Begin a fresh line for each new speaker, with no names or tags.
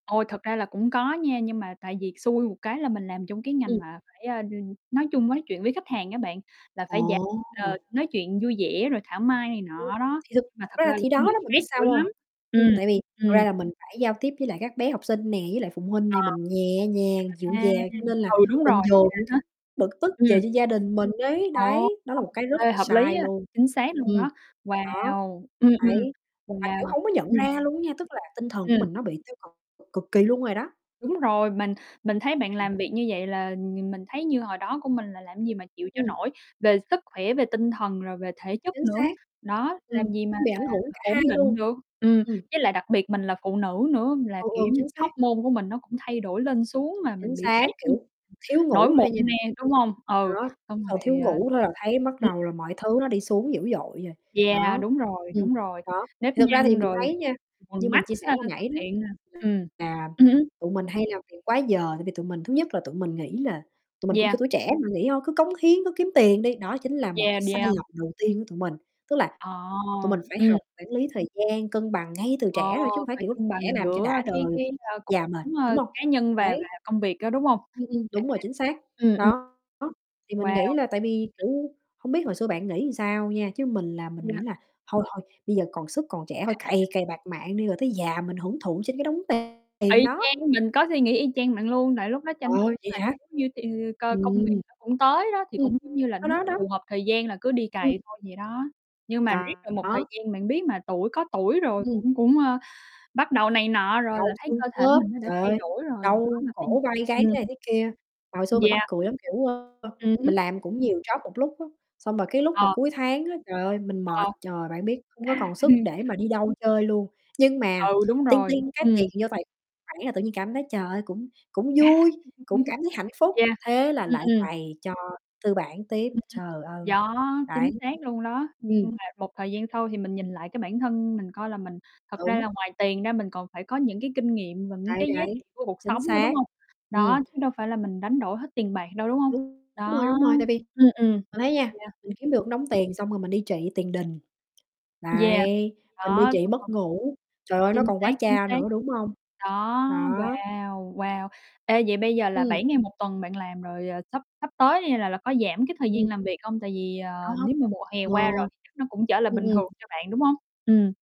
Ôi, thật ra là cũng có nha, nhưng mà tại vì xui một cái là mình làm trong cái ngành
Ừm.
mà phải, à, n nói chung nói chuyện với khách hàng á bạn, là phải dạng,
Ồ.
ờ, nói chuyện vui vẻ, rồi thảo mai này
Ừm,
nọ đó,
thì thực
nhưng mà
thực
thật
ra là
ra là
thì đó
cũng bị
đó, bạn biết
stress dữ
sao hông?
lắm.
Ừm,
Ừm.
tại vì thật
Ừm.
ra là mình phải giao tiếp với lại các bé học sinh nè, với lại phụ huynh
Ờ.
nè, mình nhẹ nhàng, dịu
À.
dàng, cho nên là
Ừ, đúng
mình
rồi.
dồn
À
những
há.
cái bực tức về
Ừm.
cho gia đình mình ấy.
Ồ.
Đấy, đó
Ô.
là một cái rất
Ê,
là
hợp lý
sai
á.
luôn.
Chính xác luôn
Ừm.
đó.
Đó.
Wow! Ừm, ừm.
Đấy. Mà kiểu
Wow.
hổng có nhận
Ừm.
ra luôn á nha, tức là tinh thần của
Ừm.
mình nó bị tiêu cực cực kỳ luôn rồi đó.
Đúng rồi, mình mình thấy bạn
Ừm.
làm việc như vậy là nh mình thấy như hồi đó của mình là làm gì mà chịu cho
Ừm.
nổi, về sức khỏe, về tinh thần, rồi về thể chất
Chính
nữa.
xác.
Đó,
Ừm.
làm gì mà
Nó bị
mà
ảnh hưởng
mà
cả hai
ổn định
luôn.
được. Ừm,
Ừm.
với lại đặc biệt mình là phụ nữ nữa là,
Ừ,
kiểu
ừ,
như,
chính
cái
xác.
hormone của mình nó cũng thay đổi lên xuống mà
Chính
mình bị
xác,
stress như
kiểu, thiếu
nổi
ngủ
mụn
thôi nha.
nè, đúng không? Ừ,
Đó, chỉ
xong
còn thiếu
rồi, à
ngủ thôi là thấy bắt
ừm.
đầu là mọi thứ nó đi xuống dữ dội rồi.
Yeah,
Đó.
đúng rồi,
Ừm.
đúng rồi.
Đó.
Nếp
Thì thực ra thì
nhăn
mình
rồi
thấy
quầng
nha, như
quầng
mình
mắt
chia sẻ
sau
hồi
đó xuất
nảy đó,
hiện, à ừm.
là
Ừ hứm.
tụi mình hay làm việc quá giờ, tại vì tụi mình thứ nhất là tụi mình nghĩ là tụi mình cũng, kiểu,
Yeah.
tuổi trẻ mà nghĩ thôi, cứ cống hiến, cứ kiếm tiền đi, đó chính là một
Yeah,
cái sai
yeah.
lầm đầu tiên của tụi mình. Tức là tụi
Ờ.
mình phải
Ừm.
học quản lý thời gian, cân bằng ngay từ
Ờ,
trẻ thôi chứ hổng phải
phải
kiểu
cân
trẻ
bằng
làm cho
giữa
đã
cái
đời,
cái,
cái
a, cuộc
già mệt,
sống,
đúng
ơ,
hông?
cá nhân và
Đấy.
và công việc đó, đúng không?
Ừm, ừm,
À.
đúng rồi chính xác.
Ừm, ừm.
Đó, đó Thì mình
Wow.
nghĩ là tại vì, kiểu không biết hồi xưa bạn nghĩ làm sao nha, chứ mình là mình
Yeah.
nghĩ là thôi, thôi bây giờ còn sức còn trẻ thôi
[unintelligible]
cày, cày bạt mạng đi rồi tới già mình hưởng thụ trên cái đống t tiền
Y
đó.
chang, mình có suy nghĩ y chang bạn luôn, tại lúc đó tranh
Ờ,
thủ
vậy
mà
hả?
nếu như cái ừ, coi công việc
Ừm.
nó cũng tới đó thì
Ừm.
cũng giống như là nó
Đó, đó.
phù hợp thời gian là cứ đi
Ừm.
cày thôi vậy đó. Nhưng mà riết
Đó,
được một thời
đó.
gian bạn biết mà tuổi có tuổi rồi
Ừm.
cũng cũng, ơ, bắt đầu này nọ rồi
Đau
là thấy
xương
cơ thể
khớp,
mình nó đã
trời
thay
ơi,
đổi rồi, khó
đau
mà tin.
cổ vai gáy,
Ừm.
thế này thế kia. Mà hồi xưa mình mắc
Yeah.
cười lắm, kiểu, ơ,
Ừm hứm.
mình làm cũng nhiều job một lúc á, xong rồi cái lúc mà
Ờ.
cuối tháng á, trời ơi mình
Ờ.
mệt, trời, bạn biết, hông có còn sức để mà đi đâu chơi luôn, nhưng mà
Ừ, đúng
ting
rồi.
ting cái tiền
Ừm.
vô tài khoản là tự nhiên cảm thấy, trời ơi, cũng cũng vui, cũng cảm thấy hạnh phúc.
Yeah.
Thế là
Ừm,
lại
ừm.
cày cho tư bản tiếp.
Ừ ha.
Trời ơi.
Đó,
Đấy.
chính xác luôn đó, nhưng
Ừm.
nhưng mà một thời gian sau thì mình nhìn lại cái bản thân mình coi là mình thật ra
Đúng.
là ngoài tiền ra mình còn phải có những cái kinh nghiệm và những
Đấy,
cái giá
đấy.
trị của cuộc
Chính
sống nữa,
xác.
đúng không?
Ừm.
Đó, chứ đâu phải là mình đánh đổi hết tiền bạc đâu, đúng không?
Đúng. Đúng rồi,
Đó.
đúng rồi, tại vì
Ừm. Ừm.
bạn thấy nha,
Yeah.
mình kiếm được đống tiền xong rồi mình đi trị tiền đình.
Yeah.
Đấy, mình đi
Đó,
trị
xong rồi
mất ngủ, trời ơi, nó
chính
còn
xác,
quá
chính
cha
xác.
nữa, đúng không?
Đó,
Đó.
wow, wow. Ê, vậy bây giờ là
Ừm.
7 ngày 1 tuần bạn làm rồi, ờ, sắp sắp tới đi là là có giảm cái thời gian
Ừm.
làm việc hông? Tại vì
Đau
ờ
hông?
nếu mà mùa hè
Ờ.
qua rồi thì chắc nó cũng trở lại
Ừm,
bình thường
ừm.
cho bạn, đúng không? Ừm.